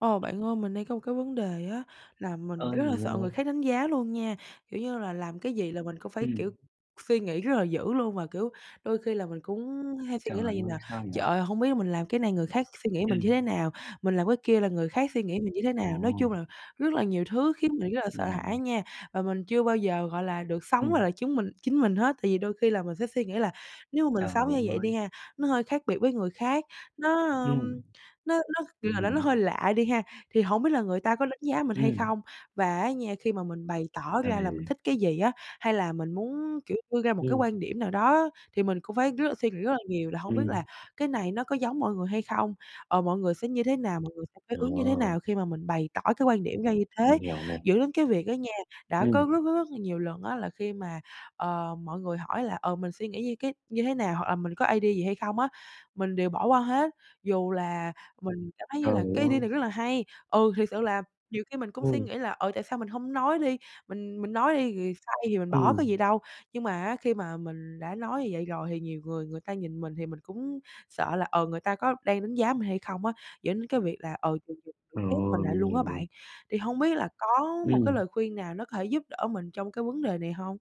Ờ, bạn ơi, mình đang có một cái vấn đề á là mình Ơi, rất là mình sợ người nghe. khác đánh giá luôn nha. Kiểu như là làm cái gì là mình cũng phải, Ừm. kiểu, suy nghĩ rất là dữ luôn, và, kiểu, đôi khi là mình cũng hay suy Trời nghĩ là vầy nè: ơi, sao "Trời vậy? ơi, hông biết mình làm cái này người khác suy nghĩ mình như thế Ừm. nào? Mình làm cái kia là người khác suy nghĩ mình như thế nào?" Nói chung Ồ. là rất là nhiều thứ khiến mình rất là sợ Mình hiểu hãi nè. nha, và mình chưa bao giờ, gọi là, được sống và Ừm. là chúng mình chính mình hết. Tại vì đôi khi là mình sẽ suy nghĩ là nếu mà mình Trời sống như vậy đi ơi! ha, nó hơi khác biệt với người khác, nó, ưm, Ừm. nó nó, kiểu Mình là là nó hiểu. hơi lạ đi ha, thì hổng biết là người ta có đánh giá mình hay Ừm. không? Và á nha, khi mà mình bày tỏ Ra ra là mình thế. thích cái gì á, hay là mình muốn, kiểu, đưa ra một cái Ừm. quan điểm nào đó thì mình cũng phải rất là suy nghĩ rất là nhiều là hông biết là Ừm. cái này nó có giống mọi người hay không? Ờ, mọi người sẽ như thế nào? Mọi người sẽ phản ứng như thế Ồ. nào khi mà mình bày tỏ cái quan điểm ra như thế? Mình hiểu nè. Dẫn đến cái việc đó nha, đã có Ừm. rất rất rất là nhiều lần á là khi mà, ờ, mọi người hỏi là, ờ, mình suy nghĩ như cái như thế nào, hoặc là mình có idea gì hay không á, mình đều bỏ qua hết, dù là mình cảm thấy như Trời là cái idea này ơi! rất là hay. Ừ, thiệt sự là nhiều khi mình cũng suy Ừm. nghĩ là "Ờ, tại sao mình hông nói đi? Mình mình nói đi, rồi sai thì mình bỏ Ừm. có gì đâu." Nhưng mà á, khi mà mình đã nói như vậy rồi thì nhiều người người ta nhìn mình thì mình cũng sợ là, ờ, người ta có đang đánh giá mình hay không á, dẫn đến cái việc là, ờ, mình mình mình khép mình Rồi, lại mình luôn á hiểu bạn. nè. Thì hông biết là có một cái Ừm. lời khuyên nào nó có thể giúp đỡ mình trong cái vấn đề này hông?